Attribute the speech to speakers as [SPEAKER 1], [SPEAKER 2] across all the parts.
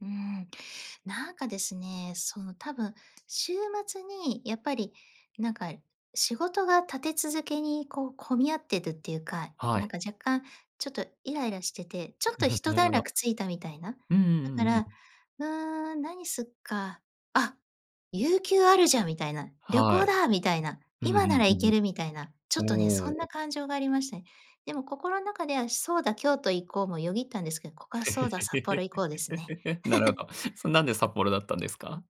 [SPEAKER 1] うーん。なんかですね、その多分、週末にやっぱりなんか、仕事が立て続けにこう、混み合ってるっていうか。
[SPEAKER 2] は
[SPEAKER 1] なん
[SPEAKER 2] い。
[SPEAKER 1] か若干ちょっとイライラしてて、ちょっ
[SPEAKER 2] う
[SPEAKER 1] とひ
[SPEAKER 2] ふ、
[SPEAKER 1] と
[SPEAKER 2] なる
[SPEAKER 1] 段
[SPEAKER 2] ほど。
[SPEAKER 1] 落ついたみたいな。
[SPEAKER 2] うんうん
[SPEAKER 1] だ
[SPEAKER 2] うんう
[SPEAKER 1] か
[SPEAKER 2] んうん。
[SPEAKER 1] ら、「うーん、何すっか、あ、有給あるじゃん」みたいな。「旅
[SPEAKER 2] は
[SPEAKER 1] 行
[SPEAKER 2] い。
[SPEAKER 1] だ」みたいな、
[SPEAKER 2] うんう
[SPEAKER 1] 「今な
[SPEAKER 2] ん
[SPEAKER 1] ら
[SPEAKER 2] う
[SPEAKER 1] 行
[SPEAKER 2] ん
[SPEAKER 1] け
[SPEAKER 2] う
[SPEAKER 1] る」みたいな。ちょっとね、そ
[SPEAKER 2] ん。
[SPEAKER 1] ん
[SPEAKER 2] お
[SPEAKER 1] な
[SPEAKER 2] お。
[SPEAKER 1] 感情がありましたね。でも心ん中では「そうだ、京都行こう」もよぎったんですけど、ここは「そうだ、札幌行こう」ですね。
[SPEAKER 2] なるほ ど。そ、なんで札幌だったんですか？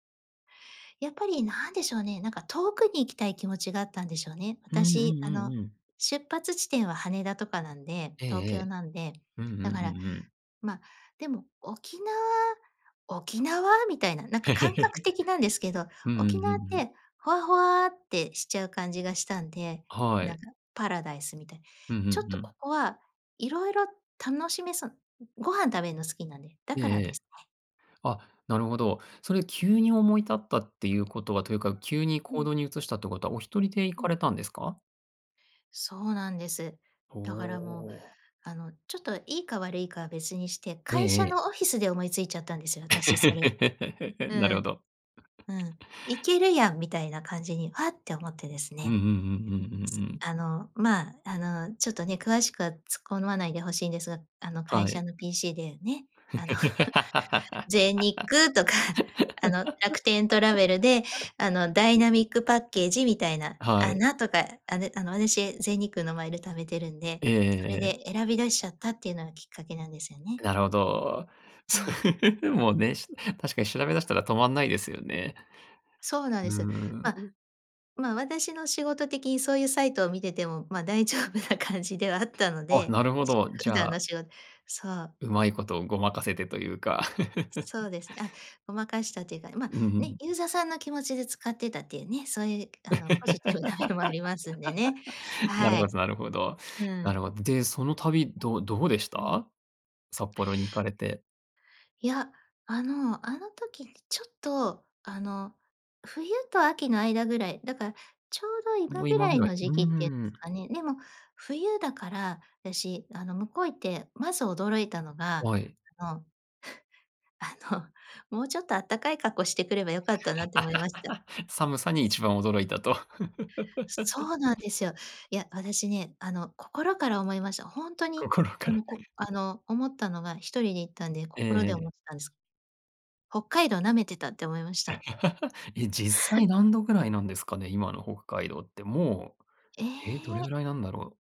[SPEAKER 1] やっぱり何でしょうね。なんか遠くに行きたい気持ちがあったんでしょうね。
[SPEAKER 2] うんう
[SPEAKER 1] 私
[SPEAKER 2] ん
[SPEAKER 1] あ
[SPEAKER 2] うん
[SPEAKER 1] の
[SPEAKER 2] うん。
[SPEAKER 1] 出発地点は羽田とかなんで。
[SPEAKER 2] ええ
[SPEAKER 1] 東
[SPEAKER 2] ええ。
[SPEAKER 1] 京なんで。
[SPEAKER 2] うんう
[SPEAKER 1] だか
[SPEAKER 2] んう
[SPEAKER 1] ら、
[SPEAKER 2] んうん。
[SPEAKER 1] までも「沖縄、沖縄？」みたいな、なんか感覚 的なんですけど。
[SPEAKER 2] うんうん
[SPEAKER 1] 沖
[SPEAKER 2] うんう
[SPEAKER 1] 縄っ
[SPEAKER 2] ん。
[SPEAKER 1] てホワホワってしちゃう感じがしたんで、
[SPEAKER 2] は
[SPEAKER 1] な
[SPEAKER 2] い。
[SPEAKER 1] んかパラダイスみたいな。
[SPEAKER 2] うんうん
[SPEAKER 1] ちょっ
[SPEAKER 2] う
[SPEAKER 1] とこ
[SPEAKER 2] ん。
[SPEAKER 1] こは色々楽しめそう。ご飯食べるの好きなんで、だ
[SPEAKER 2] え
[SPEAKER 1] か
[SPEAKER 2] ええ
[SPEAKER 1] らで
[SPEAKER 2] え。
[SPEAKER 1] すね。
[SPEAKER 2] あ、なるほど。それ急に思い立ったっていうことは、というか、急に
[SPEAKER 1] う
[SPEAKER 2] 行
[SPEAKER 1] ん。
[SPEAKER 2] 動に移したってことは、お一人で行
[SPEAKER 1] う
[SPEAKER 2] か
[SPEAKER 1] ん。
[SPEAKER 2] れたんですか？
[SPEAKER 1] そうなんです。
[SPEAKER 2] お
[SPEAKER 1] だからもう、
[SPEAKER 2] お。
[SPEAKER 1] あのちょっと、いいか悪いかは別にして、
[SPEAKER 2] え
[SPEAKER 1] 会
[SPEAKER 2] え
[SPEAKER 1] 社
[SPEAKER 2] ええ。
[SPEAKER 1] のオフィスで思いついちゃったんですよ、私それ。う
[SPEAKER 2] なるほ
[SPEAKER 1] ん。
[SPEAKER 2] ど。
[SPEAKER 1] う ん。「いけるやん」みたいな感じにわって思ってです
[SPEAKER 2] うんうん
[SPEAKER 1] ね。
[SPEAKER 2] うんうんうんうん。
[SPEAKER 1] あのま、あのちょっとね、詳しくは突っ込まないでほしいんですが。あの
[SPEAKER 2] は
[SPEAKER 1] 会
[SPEAKER 2] い。
[SPEAKER 1] 社の PC でね、あの 全日空とか、あの楽天トラベルで あの、ダイナミックパッケージみたいな。
[SPEAKER 2] は
[SPEAKER 1] ア
[SPEAKER 2] い。
[SPEAKER 1] ナとかあのあの私全日空のマイル貯めてるんで、
[SPEAKER 2] ええ
[SPEAKER 1] そ
[SPEAKER 2] え
[SPEAKER 1] れ
[SPEAKER 2] えええ。
[SPEAKER 1] で選びだしちゃったっていうのがきっかけなんですよね。
[SPEAKER 2] なるほど。
[SPEAKER 1] うん。
[SPEAKER 2] もね、し確かに調べ出したら止まんないですよね。
[SPEAKER 1] そうなん
[SPEAKER 2] う
[SPEAKER 1] です。
[SPEAKER 2] ー
[SPEAKER 1] ま、
[SPEAKER 2] ん。
[SPEAKER 1] ま私の仕事的にそういうサイトを見てても、ま、大丈夫な感じではあったの
[SPEAKER 2] あ、
[SPEAKER 1] で、
[SPEAKER 2] なるほ
[SPEAKER 1] しの
[SPEAKER 2] ど。じ
[SPEAKER 1] 普
[SPEAKER 2] ゃ
[SPEAKER 1] 段の
[SPEAKER 2] あ
[SPEAKER 1] しごそう。
[SPEAKER 2] 上手いこと、ごまかせてというか。
[SPEAKER 1] そう です。あ、ごまかしたっていうか、ま、
[SPEAKER 2] うんう
[SPEAKER 1] ね、
[SPEAKER 2] ん。
[SPEAKER 1] ユーザーさんの気持ちで使ってたっていうね。そういうあの、ポジティブな面もありますんでね。
[SPEAKER 2] なる
[SPEAKER 1] は
[SPEAKER 2] ほ
[SPEAKER 1] い。
[SPEAKER 2] どなるほど。
[SPEAKER 1] う
[SPEAKER 2] なる
[SPEAKER 1] ん。
[SPEAKER 2] ほど。で、その旅、どどうでし
[SPEAKER 1] うん。
[SPEAKER 2] た？札幌に行かれて。
[SPEAKER 1] いや、あの、あの時にちょっと、あの冬と秋の間ぐらい。だからちょうど
[SPEAKER 2] も
[SPEAKER 1] 今
[SPEAKER 2] う
[SPEAKER 1] ぐ
[SPEAKER 2] 今
[SPEAKER 1] ら
[SPEAKER 2] ぐ
[SPEAKER 1] い
[SPEAKER 2] らい。
[SPEAKER 1] の
[SPEAKER 2] う
[SPEAKER 1] 時期っていうんで
[SPEAKER 2] ん。
[SPEAKER 1] すかね。でも冬だから、私あの向こう行ってまず驚いたのが、
[SPEAKER 2] はい。
[SPEAKER 1] あの、あの、もうちょっとあったかい格好してくればよかったなって思いました。
[SPEAKER 2] 寒さに一番驚いたと。
[SPEAKER 1] そうなんですよ。いや、私ね、あの心から思いました。ほんとに
[SPEAKER 2] 心か
[SPEAKER 1] あ
[SPEAKER 2] ら。
[SPEAKER 1] の、こ、あの思ったのが、一人で行ったんで、
[SPEAKER 2] ええ
[SPEAKER 1] 心で
[SPEAKER 2] ええ。
[SPEAKER 1] 思ってたんです。北海道舐めてたって思いました。
[SPEAKER 2] え、実際 何度位なんですかね？今の北海道って。も
[SPEAKER 1] え
[SPEAKER 2] う、え、どれ
[SPEAKER 1] え。
[SPEAKER 2] 位なんだろう？